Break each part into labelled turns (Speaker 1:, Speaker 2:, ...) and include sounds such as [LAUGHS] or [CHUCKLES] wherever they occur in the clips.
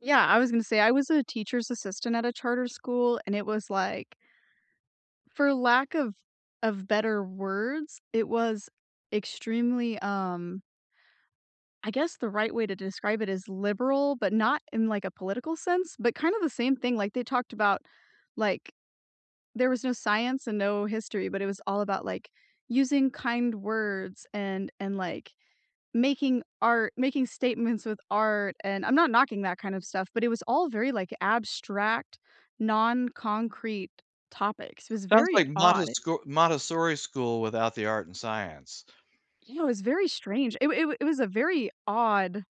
Speaker 1: Yeah, I was gonna say I was a teacher's assistant at a charter school and it was like for lack of of better words, it was extremely um I guess the right way to describe it is liberal, but not in like a political sense, but kinda the same thing like they talked about like, there was no science and no history, but it was all about like using kind words and and like making art making statements with art, and I'm not knocking that kind of stuff, but it was all very like abstract, non-concrete topics. It was
Speaker 2: Sounds
Speaker 1: very
Speaker 2: like
Speaker 1: odd.
Speaker 2: Montescor Montessori school without the art and science.
Speaker 1: You know, it was very strange. It w it w it was a very odd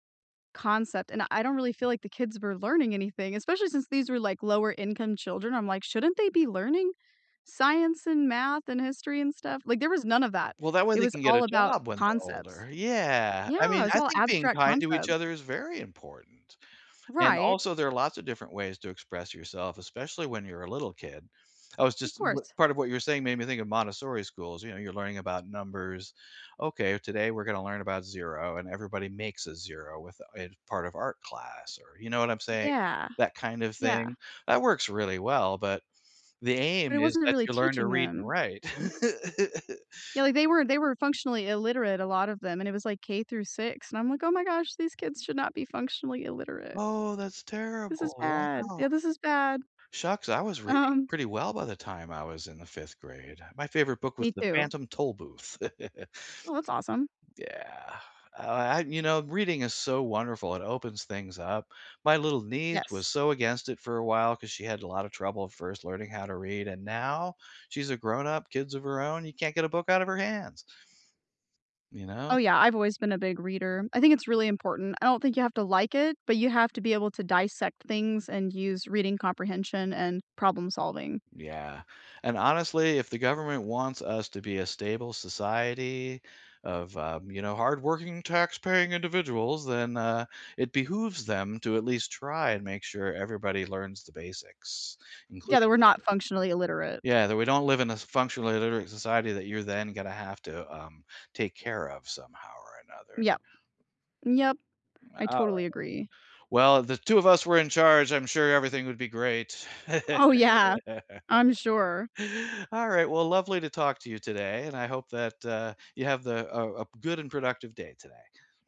Speaker 1: concept, and I don't really feel like the kids were learning anything, especially since these were like lower-income children. I'm like, shouldn't they be learning science and math and history and stuff, like there was none of that.
Speaker 2: Well, that way
Speaker 1: It
Speaker 2: they
Speaker 1: was
Speaker 2: can get
Speaker 1: all
Speaker 2: a
Speaker 1: about
Speaker 2: job when they're
Speaker 1: concepts
Speaker 2: older, yeah, I
Speaker 1: Yeah,
Speaker 2: mean,
Speaker 1: it's
Speaker 2: I
Speaker 1: all
Speaker 2: think being
Speaker 1: abstract
Speaker 2: kind to each
Speaker 1: concepts.
Speaker 2: other is very important and
Speaker 1: Right
Speaker 2: also there are lots of different ways to express yourself, especially when you're a little kid. I was
Speaker 1: Of
Speaker 2: just m
Speaker 1: course.
Speaker 2: part of what you're saying made me think of Montessori schools, you know, you're learning about numbers. "Okay, today we're gonna learn about 0," and everybody makes a 0 with a part of art class or, you know what I'm saying,
Speaker 1: Yeah,
Speaker 2: that kind of
Speaker 1: yeah.
Speaker 2: thing that works really well, but the
Speaker 1: But
Speaker 2: aim
Speaker 1: it
Speaker 2: is
Speaker 1: wasn't a
Speaker 2: that
Speaker 1: really
Speaker 2: you learn to
Speaker 1: teaching
Speaker 2: read and
Speaker 1: them.
Speaker 2: write. [CHUCKLES]
Speaker 1: Yeah, like they were they were functionally illiterate, a lot of them, and it was like K through 6, and I'm like, "Oh my gosh, these kids should not be functionally illiterate."
Speaker 2: Oh, that's
Speaker 1: "This is
Speaker 2: terrible.
Speaker 1: bad.
Speaker 2: Wow.
Speaker 1: Yeah, this is bad."
Speaker 2: Shucks, I was reading
Speaker 1: Um
Speaker 2: pretty well by the time I was in the 5th grade. My favorite book was
Speaker 1: Me
Speaker 2: The
Speaker 1: too.
Speaker 2: Phantom Tollbooth. [CHUCKLES]
Speaker 1: Well, that's awesome.
Speaker 2: Yeah, I I you know, reading is so wonderful, it opens things up. My little niece was
Speaker 1: Yes.
Speaker 2: so against it for a while 'cause she had a lot of trouble first learning how to read and now she's a grown-up, kids of her own, you can't get a book out of her hands you know?
Speaker 1: Oh yeah, I've always been a big reader. I think it's really important. I don't think you have to like it, but you have to be able to dissect things and use reading comprehension and problem solving.
Speaker 2: Yeah, and honestly, if the government wants us to be a stable society of, um, you know, hardworking taxpaying individuals, then, uh, it behooves them to at least try and make sure everybody learns the basics,
Speaker 1: Yeah,
Speaker 2: including
Speaker 1: that we're not functionally
Speaker 2: [UNINTELLIGIBLE]
Speaker 1: illiterate.
Speaker 2: Yeah, that we don't live in a s functionally illiterate society that you're then gonna have to, um, take care of somehow or another.
Speaker 1: Yep, yep,
Speaker 2: M
Speaker 1: I
Speaker 2: alright.
Speaker 1: totally agree.
Speaker 2: Well, the 2 of us were in charge, I'm sure everything would be great. [LAUGHS]
Speaker 1: Oh yeah, I'm sure.
Speaker 2: Alright, well, lovely to talk to you today, and I hope that, uh, you have the a a good and productive day today.